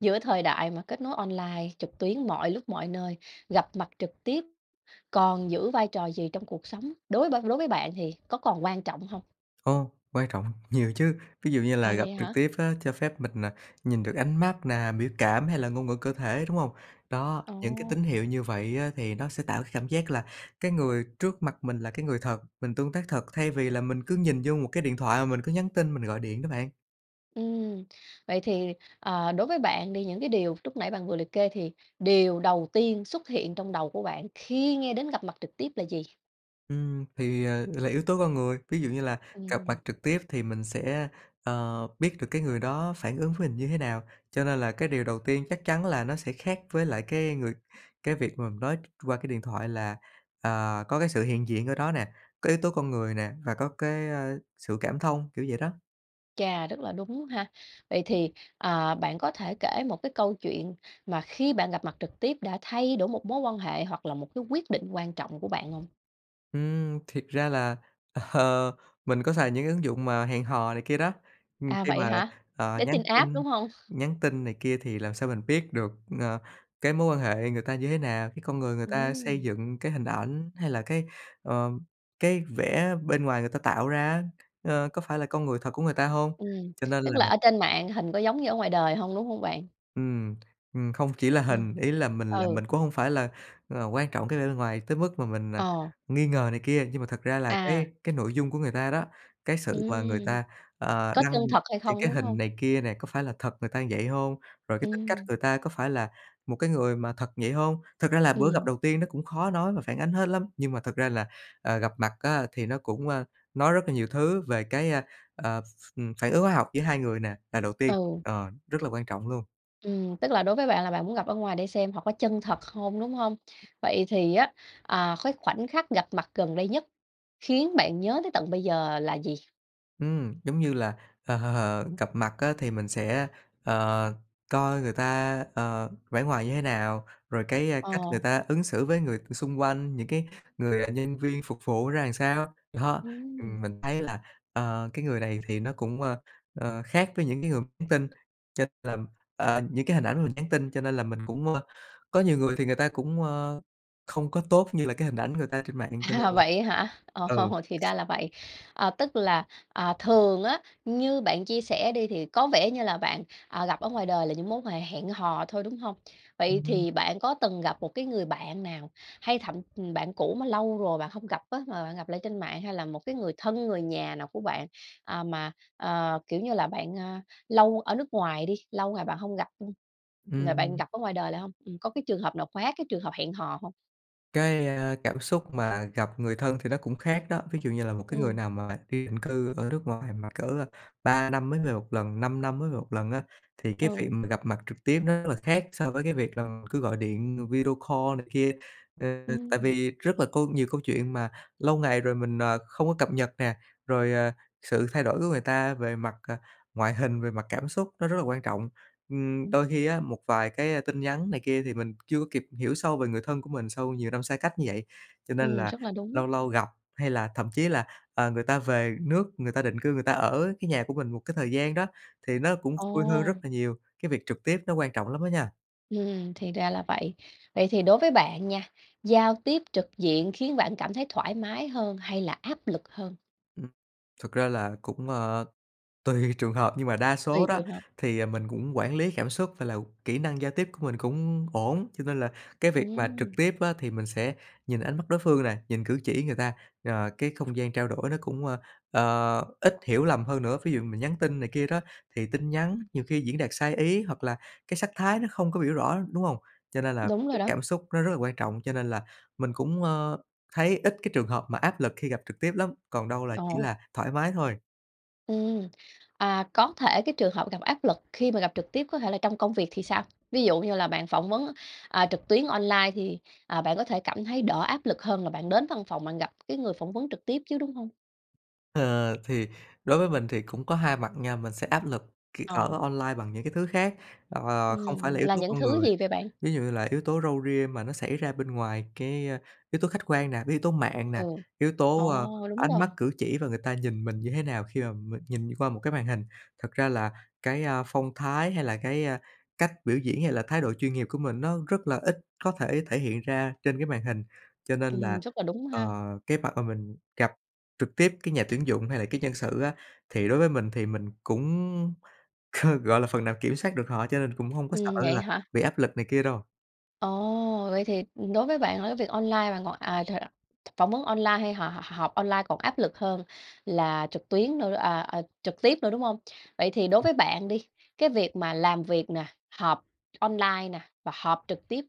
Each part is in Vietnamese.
Giữa thời đại mà kết nối online trực tuyến mọi lúc mọi nơi, gặp mặt trực tiếp còn giữ vai trò gì trong cuộc sống, đối b đối với bạn thì có còn quan trọng hông? Ồ, quan trọng, nhiều chứ. Ví dụ như À, là gặp vậy trực hả? tiếp á cho phép mình, ờ, nhìn được ánh mắt nè, biểu cảm, hay là ngôn ngữ cơ thể, đúng hông? Đó, những cái Ồ! tín hiệu như vậy á thì nó sẽ tạo cái cảm giác là cái người trước mặt mình là cái người thật, mình tương tác thật, thay vì là mình cứ nhìn vô một cái điện thoại mà mình cứ nhắn tin, mình gọi điện đó bạn. Ừm, vậy thì, ờ, đối với bạn đi, những cái điều lúc nãy bạn vừa liệt kê thì điều đầu tiên xuất hiện trong đầu của bạn khi nghe đến gặp mặt trực tiếp là gì? Ừm, thì, ờ, là yếu tố con người. Ví dụ như là gặp mặt Ừm. trực tiếp thì mình sẽ, ờ, biết được cái người đó phản ứng với mình như thế nào. Cho nên là cái điều đầu tiên chắc chắn là nó sẽ khác với lại cái người cái việc mà mình nói qua cái điện thoại là, à, có cái sự hiện diện ở đó nè, có yếu tố con người nè và có cái, ơ, sự cảm thông, kiểu vậy đó. Chà, rất là đúng ha. Vậy thì, ờ, bạn có thể kể một cái câu chuyện mà khi bạn gặp mặt trực tiếp đã thay đổi một mối quan hệ hoặc là một cái quyết định quan trọng của bạn hông? Ừm, thiệt ra là, ờ, mình có xài những cái ứng dụng mà hẹn hò này kia đó, ừm, À, khi vậy mà, hả? ờ, nhắn Dating app, tin đúng hông? nhắn tin này kia thì làm sao mình biết được, ờ, cái mối quan hệ người ta như thế nào? Cái con người người ta xây Ừm. dựng cái hình ảnh, hay là cái, ờ, cái vẻ bên ngoài người ta tạo ra á, ờ, có phải là con người thật của người ta hông? Ừm, Cho nên tức là là ở trên mạng hình có giống như ở ngoài đời hông, đúng hông bạn? Ừm, ừm, không chỉ là Ừm, hình, ý là mình là ừ. mình cũng hông phải là, ờ, quan trọng cái vẻ bề ngoài tới mức mà mình, ờ, Ờ. nghi ngờ này kia, nhưng mà thật ra là À. cái cái nội dung của người ta đó, cái sự mà người Ừm, ta, ờ, có đăng chân thật hay những không, cái đúng hình hông? này kia nè, có phải là thật người ta như vậy hông? Rồi cái tính cách Ừm. người ta có phải là một cái người mà thật vậy hông? Thật ra là bữa gặp Ừm. đầu tiên nó cũng khó nói mà phản ánh hết lắm. Nhưng mà thực ra là, ờ, gặp mặt á thì nó cũng, ơ, nói rất là nhiều thứ về cái, ơ, ờ, ph phản ứng hóa học giữa 2 người nè, là đầu tiên, Ừ. ờ, rất là quan trọng luôn. Ừm, tức là đối với bạn là bạn muốn gặp ở ngoài để xem họ có chân thật không, đúng hông? Vậy thì á, à, cái khoảnh khắc gặp mặt gần đây nhất khiến bạn nhớ tới tận bây giờ là gì? Ừm, giống như là, ờ, gặp mặt á thì mình sẽ, ờ, coi người ta, ờ, vẻ ngoài như thế nào, rồi cái, ờ, cách người Ờ. ta ứng xử với người xung quanh, những cái người, ờ, nhân viên phục vụ ra làm sao, đó. Ừm. Ừm, mình thấy là, ờ, cái người này thì nó cũng, ơ, ờ, khác với những cái người nhắn tin, cho nên là, ờ, những cái hình ảnh mà mình nhắn tin, cho nên là mình cũng, ơ có nhiều người thì người ta cũng, ờ, không có tốt như là cái hình ảnh người ta trên mạng cho nên là Vậy á hả? Ồ, ừ. thì ra là vậy. Ờ, tức là, à, thường á, như bạn chia sẻ đi thì có vẻ như là bạn, ờ, gặp ở ngoài đời là những mối quan hệ hẹn hò thôi, đúng hông? Vậy Ừm hứm. thì bạn có từng gặp một cái người bạn nào, hay thậm ừm, bạn cũ mà lâu rồi bạn hông gặp á, mà bạn gặp lại trên mạng hay là một cái người thân, người nhà nào của bạn, ờ, mà, ờ, kiểu như, là bạn, ờ, lâu ở nước ngoài đi, lâu ngày bạn hông gặp, ứm, rồi bạn Ừm. gặp ở ngoài đời lại hông? Ừm, có cái trường hợp nào khóa cái trường hợp hẹn hò hông? Cái, à, cảm xúc mà gặp người thân thì nó cũng khác đó, ví dụ như là một cái người Ừm. nào mà đi định cư ở nước ngoài mà cỡ, ờ, 3 năm mới về 1 lần, 5 năm mới về 1 lần á, thì cái việc Ừ. mà gặp mặt trực tiếp nó rất là khác so với cái việc là cứ gọi điện video call này kia. Ờ, tại Ừm. vì rất là câu nhiều câu chuyện mà lâu ngày rồi mình, ờ, không có cập nhật nè, rồi, à, sự thay đổi của người ta về mặt, ờ, ngoại hình, về mặt cảm xúc nó rất là quan trọng. Ừm, đôi khi á, một vài cái, ờ, tin nhắn này kia thì mình chưa có kịp hiểu sâu về người thân của mình sau nhiều năm xa cách như vậy, cho nên Ừm, là rất là đúng. lâu lâu gặp hay là thậm chí là, ờ, người ta về nước, người ta định cư người ta ở cái nhà của mình một cái thời gian đó, thì nó cũng vui hơn rất Ồ! là nhiều, cái việc trực tiếp nó quan trọng lắm á nha. Ừm, thì ra là vậy. Vậy thì đối với bạn nha, giao tiếp trực diện khiến bạn cảm thấy thoải mái hơn, hay là áp lực hơn? Ừm, thực ra là cũng, ờ, tùy trường hợp, nhưng mà đa Tùy số đó trường hợp. thì, à, mình cũng quản lý cảm xúc và là kỹ năng giao tiếp của mình cũng ổn, cho nên là cái việc mà trực Ừm. tiếp á thì mình sẽ nhìn ánh mắt đối phương nè, nhìn cử chỉ người ta, ờ, cái không gian trao đổi nó cũng, ờ, ờ, ít hiểu lầm hơn nữa. Ví dụ mình nhắn tin này kia đó thì tin nhắn nhiều khi diễn đạt sai ý, hoặc là cái sắc thái nó không có biểu rõ, đúng hông? Cho nên là Đúng rồi cái đó. cảm xúc nó rất là quan trọng, cho nên là mình cũng, ờ, thấy ít cái trường hợp mà áp lực khi gặp trực tiếp lắm, còn đâu là chỉ Ồ. là thoải mái thôi. Ừm, à, có thể cái trường hợp gặp áp lực khi mà gặp trực tiếp có thể là trong công việc thì sao? Ví dụ như là bạn phỏng vấn, à, trực tuyến online thì, ờ, bạn có thể cảm thấy đỡ áp lực hơn là bạn đến văn phòng bạn gặp cái người phỏng vấn trực tiếp chứ, đúng hông? Ờ, thì đối với mình thì cũng có 2 mặt nha, mình sẽ áp lực khi Ờ. ở online bằng những cái thứ khác, ờ, không phải Ừm, là yếu là tố những con thứ người. gì vậy bạn? Ví dụ như là yếu tố râu ria mà nó xảy ra bên ngoài cái, a, yếu tố khách quan nè, cái yếu tố mạng nè, Ừ, yếu tố, ờ, ồ, đúng ánh mắt rồi. cử chỉ và người ta nhìn mình như thế nào khi mà mình nhìn qua một cái màn hình. Thật ra là cái, à, phong thái, hay là cái, à, cách biểu diễn, hay là thái độ chuyên nghiệp của mình nó rất là ít có thể thể hiện ra trên cái màn hình. Cho nên là, Ừm, rất là đúng ờ, ha. cái mặt mà mình gặp trực tiếp cái nhà tuyển dụng, hay là cái nhân sự á thì đối với mình thì mình cũng, gọi là, phần nào kiểm soát được họ, cho nên cũng hông có sợ Ừm, vậy là hả? bị áp lực này kia đâu. Ồ, vậy thì đối với bạn là cái việc online bạn còn, à, [unintelligible] phỏng vấn online hay họ họp online còn áp lực hơn là trực tuyến nữa à, ờ, trực tiếp nữa, đúng hông? Vậy thì đối Ừm. với bạn đi, cái việc mà làm việc nè, họp online nè và họp trực tiếp,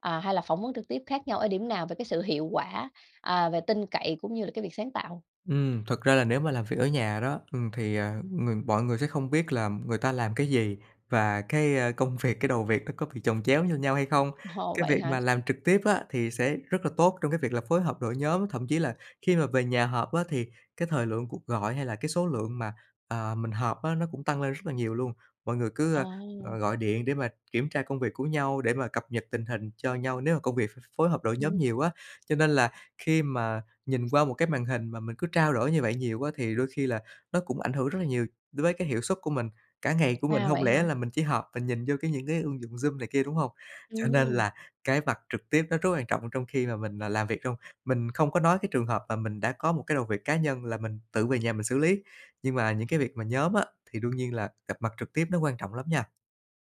ờ, hay là phỏng vấn trực tiếp khác nhau ở điểm nào về cái sự hiệu quả, ờ, về tin cậy cũng như là cái việc sáng tạo? Ừm, thật ra là nếu mà làm việc ở nhà đó, ừm, thì, ờ, ng mọi người sẽ không biết là người ta làm cái gì và cái, ơ, công việc, cái đầu việc nó có bị chồng chéo cho nhau hay không. Ồ, Cái vậy việc hả? mà Ừm. làm trực tiếp á thì sẽ rất là tốt trong cái việc là phối hợp đội nhóm, thậm chí là khi mà về nhà họp á thì cái thời lượng cuộc gọi hay là cái số lượng mà, à, mình họp á nó cũng tăng lên rất là nhiều luôn, mọi người cứ, Ờ. ơ, ờ, gọi điện để mà kiểm tra công việc của nhau để mà cập nhật tình hình cho nhau, nếu mà công việc ph phối hợp đội nhóm Ừm. nhiều á cho nên là khi mà nhìn qua một cái màn hình mà mình cứ trao đổi như vậy nhiều á thì đôi khi là nó cũng ảnh hưởng rất là nhiều đối với cái hiệu suất của mình, cả ngày của mình À, hông vậy lẽ hả? là mình chỉ họp, mình nhìn vô cái những cái ứng dụng Zoom này kia, đúng hông? Cho nên Ừm. là cái mặt trực tiếp nó rất quan trọng trong khi mà mình làm việc trong mình không có nói cái trường hợp mà mình đã có một cái đầu việc cá nhân là mình tự về nhà mình xử lý, nhưng mà những cái việc mà nhóm á thì đương nhiên là gặp mặt trực tiếp nó quan trọng lắm nha.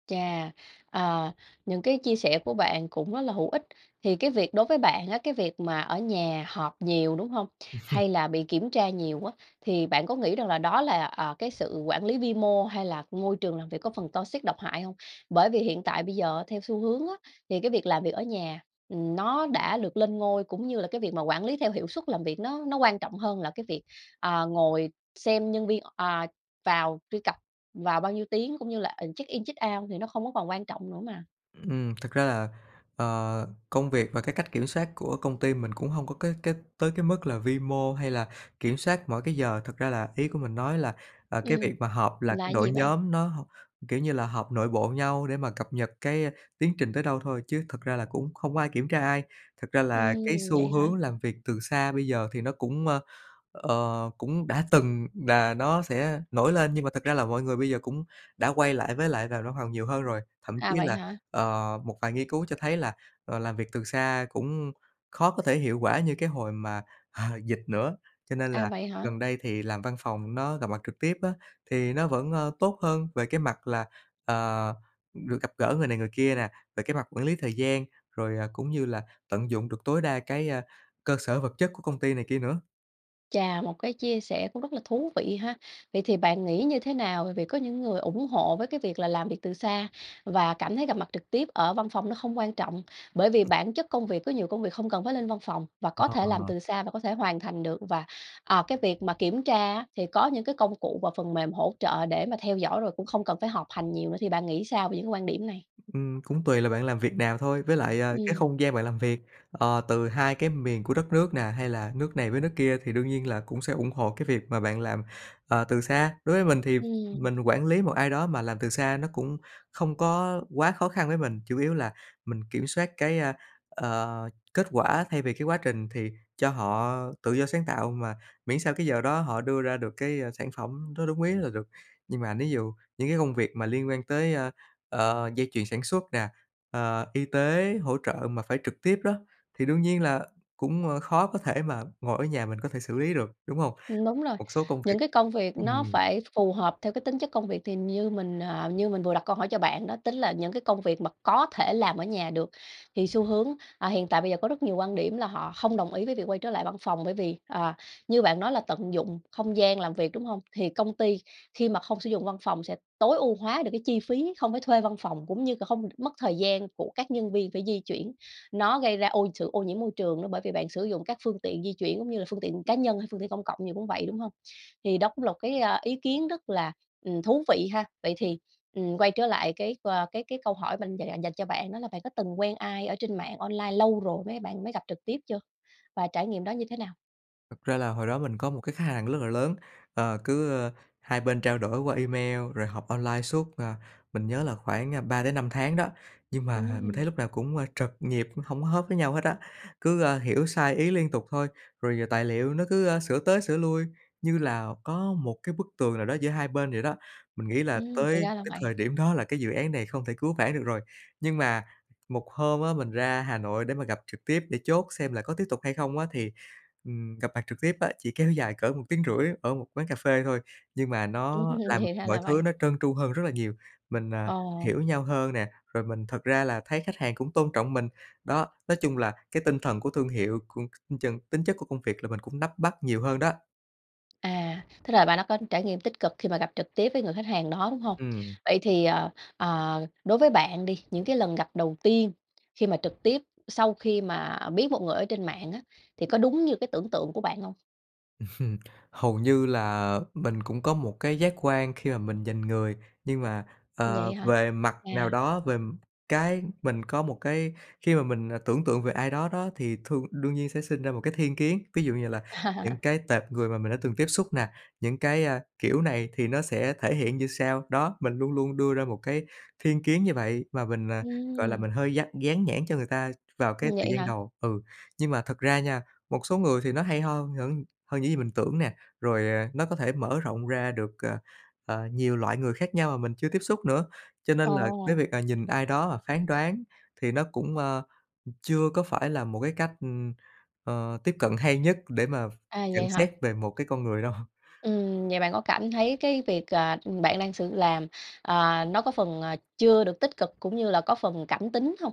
Chà, à, những cái chia sẻ của bạn cũng rất là hữu ích. Thì cái việc đối với bạn á, cái việc mà ở nhà họp nhiều, đúng hông? Hay là bị kiểm tra nhiều á, thì bạn có nghĩ rằng là đó là, ờ, cái sự quản lý vi mô hay là môi trường làm việc có phần toxic, độc hại hông? Bởi vì hiện tại bây giờ, theo xu hướng á, thì cái việc làm việc ở nhà, ừm, nó đã được lên ngôi, cũng như là cái việc mà quản lý theo hiệu suất làm việc, nó nó quan trọng hơn là cái việc, à, ngồi xem nhân viên, à, vào truy cập vào bao nhiêu tiếng, cũng như là, ừm, check-in, check-out thì nó không có còn quan trọng nữa mà. Ừm, thực ra là, ờ, công việc và cái cách kiểm soát của công ty mình cũng hông có cái cái tới cái mức là vi mô hay là kiểm soát mỗi cái giờ, thật ra là ý của mình nói là, à, cái Ừm, việc mà họp, là là cái đội gì bạn? nhóm nó h kiểu như là, họp nội bộ nhau để mà cập nhật cái tiến trình tới đâu thôi, chứ thực ra là cũng không có ai kiểm tra ai. Thật ra là cái Ừm, xu vậy hả? hướng làm việc từ xa bây giờ thì nó cũng, ờ, cũng đã từng là nó sẽ nổi lên, nhưng mà thực ra là mọi người bây giờ cũng đã quay lại với lại vào văn phòng nhiều hơn rồi. Thậm chí À, vậy là, hả? ờ, một vài nghiên cứu cho thấy là, ờ, làm việc từ xa cũng khó có thể hiệu quả như cái hồi mà dịch nữa, cho nên À, là vậy hả? gần đây thì làm văn phòng, nó gặp mặt trực tiếp á, thì nó vẫn, ơ, tốt hơn về cái mặt là, ờ, được gặp gỡ người này người kia nè, về cái mặt quản lý thời gian, rồi cũng như là tận dụng được tối đa cái, ơ, cơ sở vật chất của công ty này kia nữa. Chà, một cái chia sẻ cũng rất là thú vị ha. Vậy thì bạn nghĩ như thế nào? Bởi vì có những người ủng hộ với cái việc là làm việc từ xa và cảm thấy gặp mặt trực tiếp ở văn phòng nó không quan trọng bởi vì bản chất công việc có nhiều công việc không cần phải lên văn phòng và có thể làm À. từ xa và có thể hoàn thành được và, ờ, cái việc mà kiểm tra á thì có những cái công cụ và phần mềm hỗ trợ để mà theo dõi rồi, cũng không cần phải họp hành nhiều nữa, thì bạn nghĩ sao về những cái quan điểm này? Ừm, cũng tùy là bạn làm việc nào thôi. Với lại, à, cái Ừm. không gian bạn làm việc, ờ, từ 2 cái miền của đất nước nè, hay là nước này với nước kia thì đương nhiên là cũng sẽ ủng hộ cái việc mà bạn làm, ờ, từ xa. Đối với mình thì Ừm. mình quản lý một ai đó mà làm từ xa nó cũng không có quá khó khăn với mình, chủ yếu là mình kiểm soát cái, a, ờ, kết quả thay vì cái quá trình, thì cho họ tự do sáng tạo mà miễn sao cái giờ đó họ đưa ra được cái, a, sản phẩm nó đúng ý là được. Nhưng mà ví dụ những cái công việc mà liên quan tới, a, ờ, dây chuyền sản xuất nè, à, y tế, hỗ trợ mà phải trực tiếp đó, thì đương nhiên là cũng, ờ, khó có thể mà ngồi ở nhà mình có thể xử lý được, đúng hông? Ừm, đúng rồi. Một số công việc Những cái công việc nó ừm. phải phù hợp theo cái tính chất công việc. Thì như mình, à, như mình vừa đặt câu hỏi cho bạn đó, tính là những cái công việc mà có thể làm ở nhà được thì xu hướng, à, hiện tại bây giờ có rất nhiều quan điểm là họ hông đồng ý với việc quay trở lại văn phòng, bởi vì, ờ, như bạn nói là tận dụng không gian làm việc, đúng hông? Thì công ty khi mà không sử dụng văn phòng sẽ tối ưu hóa được cái chi phí, không phải thuê văn phòng cũng như c hông mất thời gian của các nhân viên phải di chuyển. Nó gây ra ô sự ô nhiễm môi trường nữa bởi vì bạn sử dụng các phương tiện di chuyển cũng như là phương tiện cá nhân hay phương tiện công cộng gì cũng vậy, đúng hông? Thì đó cũng là một cái, a, ý kiến rất là, ừm, thú vị ha. Vậy thì, ừm, quay trở lại cái và cái cái câu hỏi mình dành- dành dành cho bạn đó là bạn có từng quen ai ở trên mạng online lâu rồi mấy bạn mới gặp trực tiếp chưa? Và trải nghiệm đó như thế nào? Thật ra là hồi đó mình có một cái khách hàng rất là lớn. Ờ, cứ, ơ, 2 bên trao đổi qua email rồi họp online suốt, ờ, mình nhớ là khoảng, a, 3-5 tháng đó, nhưng mà mình Ừm. thấy lúc nào cũng, ơ, trật nhịp, hổng có hớp với nhau hết á. Cứ, ơ, hiểu sai ý liên tục thôi, rồi tài liệu nó cứ, ơ, sửa tới sửa lui như là có một cái bức tường nào đó giữa 2 bên vậy đó. Mình nghĩ là Ừm, thì tới ra là tới vậy. thời điểm đó là cái dự án này không thể cứu vãn được rồi. Nhưng mà một hôm á mình ra Hà Nội để mà gặp trực tiếp để chốt xem là có tiếp tục hay không á thì, ừm, gặp mặt trực tiếp á, chỉ kéo dài cỡ 1,5 tiếng ở một quán cà phê thôi, nhưng mà nó Ừm, làm thì ra mọi là thứ vậy. nó trơn tru hơn rất là nhiều. Mình, ờ, Ờ. hiểu nhau hơn nè, rồi mình thật ra là thấy khách hàng cũng tôn trọng mình. Đó, nói chung là cái tinh thần của thương hiệu của [unintelligible] tính chất của công việc là mình cũng nắm bắt nhiều hơn đó. À, tức là bạn đã có trải nghiệm tích cực khi mà gặp trực tiếp với người khách hàng đó, đúng hông? Ừm. Vậy thì, ờ, ờ, đối với bạn đi những cái lần gặp đầu tiên khi mà trực tiếp sau khi mà biết một người ở trên mạng á thì có đúng như cái tưởng tượng của bạn hông? Hầu như là mình cũng có một cái giác quan khi mà mình nhìn người, nhưng mà, Vậy ờ, hả? về mặt nào À. đó, về, ừm, cái mình có một cái khi mà mình, ờ, tưởng tượng về ai đó đó, thì thương đương nhiên sẽ sinh ra một cái thiên kiến, ví dụ như là À. những cái tệp người mà mình đã từng tiếp xúc nè, những cái, à, kiểu, này thì nó sẽ thể hiện như sau. Đó, mình luôn luôn đưa ra một cái thiên kiến như vậy và mình, à, gọi là Ừm. mình hơi dắt dán nhãn cho người ta vào cái thời Vậy gian hả? đầu. Ừ, nhưng mà thật ra nha, một số người thì nó hay ho hơn những hơn những gì mình tưởng nè, rồi, à, nó có thể mở rộng ra được, ờ, ờ, nhiều loại người khác nhau mà mình chưa tiếp xúc nữa, cho nên là cái Ồ. việc, ờ, nhìn ai đó mà phán đoán thì nó cũng, ờ, chưa có phải là một cái cách, ừm, ờ, tiếp cận hay nhất để mà À, nhận vậy hả? xét về một cái con người đâu. Ừm, vậy bạn có cảm thấy cái việc, ờ, bạn đang sử làm, à, nó có phần, à, chưa được tích cực, cũng như là có phần cảm tính hông?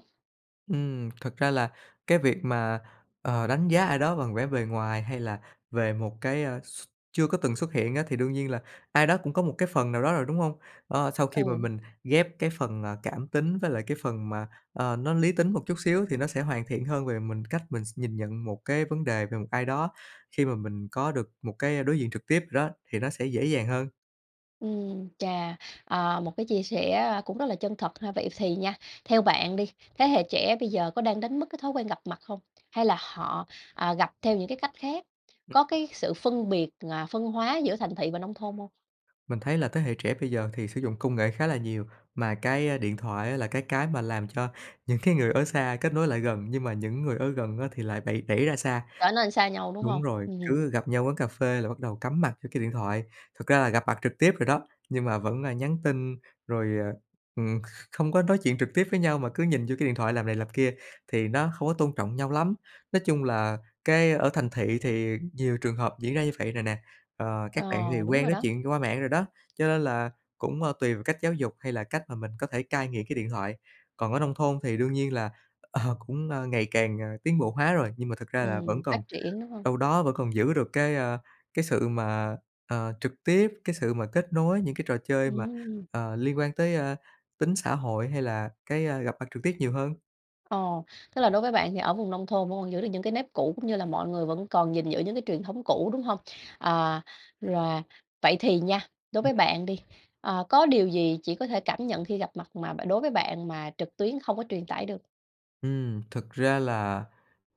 Ừm, thật ra là cái việc mà, ờ, đánh giá ai đó bằng vẻ bề ngoài hay là về một cái, ờ, x chưa có từng xuất hiện á, thì đương nhiên là ai đó cũng có một cái phần nào đó rồi, đúng hông? Ơ, sau khi mà Ừ. mình ghép cái phần, ờ, cảm tính với lại cái phần mà, ờ, nó lý tính một chút xíu thì nó sẽ hoàn thiện hơn về mình cách mình sẽ nhìn nhận một cái vấn đề về một ai đó, khi mà mình có được một cái đối diện trực tiếp rồi đó, thì nó sẽ dễ dàng hơn. Ừm, chà, ờ, một cái chia sẻ, a, cũng rất là chân thật ha. Vậy thì nha, theo bạn đi, thế hệ trẻ bây giờ có đang đánh mất cái thói quen gặp mặt không? Hay là họ, ờ, gặp theo những cái cách khác? Ừm. Có cái sự phân biệt, à, phân hóa giữa thành thị và nông thôn hông? Mình thấy là thế hệ trẻ bây giờ thì sử dụng công nghệ khá là nhiều, mà cái, a, điện thoại á là cái cái mà làm cho những cái người ở xa kết nối lại gần, nhưng mà những người ở gần á thì lại bẩy đẩy ra xa, Trở nên xa nhau, đúng đúng hông? rồi, Ưm hừm. cứ gặp nhau quán cà phê là bắt đầu cắm mặt vô cái điện thoại, thực ra là gặp mặt trực tiếp rồi đó, nhưng mà vẫn, à, nhắn tin rồi, ờ, ừm, kh không có nói chuyện trực tiếp với nhau mà cứ nhìn vô cái điện thoại làm này làm kia, thì nó không có tôn trọng nhau lắm. Nói chung là cái ở thành thị thì nhiều trường hợp diễn ra như vậy rồi nè, ờ, Ờ, các bạn thì đúng quen rồi nói đó. chuyện qua mạng rồi đó, cho nên là cũng, ờ, tùy vào cách giáo dục hay là cách mà mình có thể cai nghiện cái điện thoại. Còn ở nông thôn thì đương nhiên là, ờ, cũng, à, ngày càng, à, tiến bộ hóa rồi, nhưng mà thực ra là vẫn Ừm, còn phát triển, đúng hông? đâu đó vẫn còn giữ được cái, ơ, cái sự mà, ờ, trực tiếp, cái sự mà kết nối, những cái trò chơi mà, Ừm. ờ, liên quan tới, ơ, tính xã hội, hay là cái, a, gặp mặt trực tiếp nhiều hơn. Ồ, tức là đối với bạn thì ở vùng nông thôn vẫn còn giữ được những cái nếp cũ, cũng như là mọi người vẫn còn gìn giữ những cái truyền thống cũ, đúng hông? À, rồi. Vậy thì nha, đối với bạn đi, à, có điều gì chỉ có thể cảm nhận khi gặp mặt mà bạn đối với bạn mà trực tuyến không có truyền tải được? Ừm, thực ra là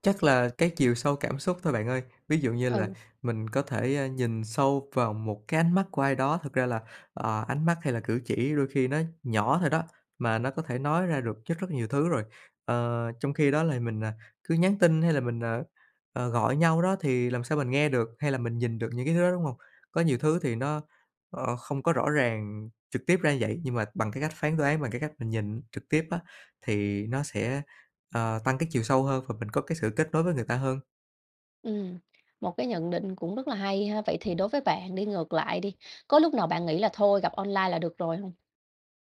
chắc là cái chiều sâu cảm xúc thôi bạn ơi. Ví dụ như là Ừ. mình có thể, a, nhìn sâu vào một cái ánh mắt của ai đó, thực ra là, à, ánh mắt hay là cử chỉ đôi khi nó nhỏ thôi đó, mà nó có thể nói ra được rất rất nhiều thứ rồi. Ờ, trong khi đó là mình, à, cứ nhắn tin hay là mình, ờ, ờ, gọi nhau đó thì làm sao mình nghe được hay là mình nhìn được những cái thứ đó, đúng hông? Có nhiều thứ thì nó, ờ, không có rõ ràng trực tiếp ra như vậy, nhưng mà bằng cái cách phán đoán, bằng cái cách mình nhìn trực tiếp á thì nó sẽ, ờ, tăng cái chiều sâu hơn và mình có cái sự kết nối với người ta hơn. Ừm, một cái nhận định cũng rất là hay ha. Vậy thì đối với bạn đi, ngược lại đi, có lúc nào bạn nghĩ là thôi, gặp online là được rồi hông?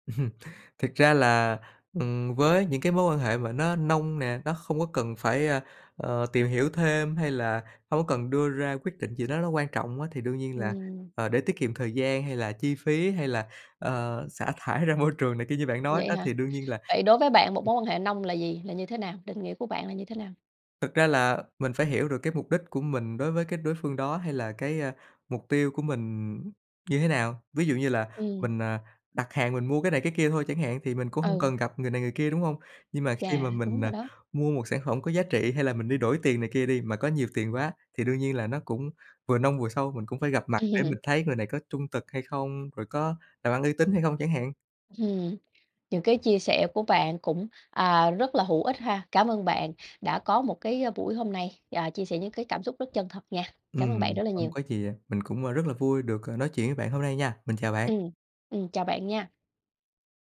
Thực ra là, ừm, với những cái mối quan hệ mà nó nông nè, nó không có cần phải, a, ờ, tìm hiểu thêm hay là hông có cần đưa ra quyết định gì đó nó quan trọng á thì đương nhiên là, Ừm. ờ, để tiết kiệm thời gian hay là chi phí hay là, ờ, xả thải ra môi trường này kia như bạn nói Vậy đó hả? thì đương nhiên là Vậy đối với bạn, một mối quan hệ nông là gì, là như thế nào, định nghĩa của bạn là như thế nào? Thực ra là mình phải hiểu được cái mục đích của mình đối với cái đối phương đó hay là cái, a, mục tiêu của mình như thế nào. Ví dụ như là Ừm. mình, à, đặt hàng mình mua cái này cái kia thôi chẳng hạn thì mình cũng hông Ừ. cần gặp người này người kia, đúng hông? Nhưng mà khi Yeah, mà đúng mình, à, rồi đó. mua một sản phẩm có giá trị hay là mình đi đổi tiền này kia đi, mà có nhiều tiền quá, thì đương nhiên là nó cũng vừa nông vừa sâu, mình cũng phải gặp mặt để mình thấy người này có trung thực hay không, rồi có làm ăn uy tín hay không chẳng hạn. Ừm. Những cái chia sẻ của bạn cũng, à, rất là hữu ích ha. Cảm ơn bạn đã có một cái, a, buổi hôm nay, à, chia sẻ những cái cảm xúc rất chân thật nha, cảm ơn bạn Ừm, rất là không nhiều. có chì ạ, mình cũng, a, rất là vui được, ờ, nói chuyện với bạn hôm nay nha, mình chào bạn! Ừm, ừm, chào bạn nha.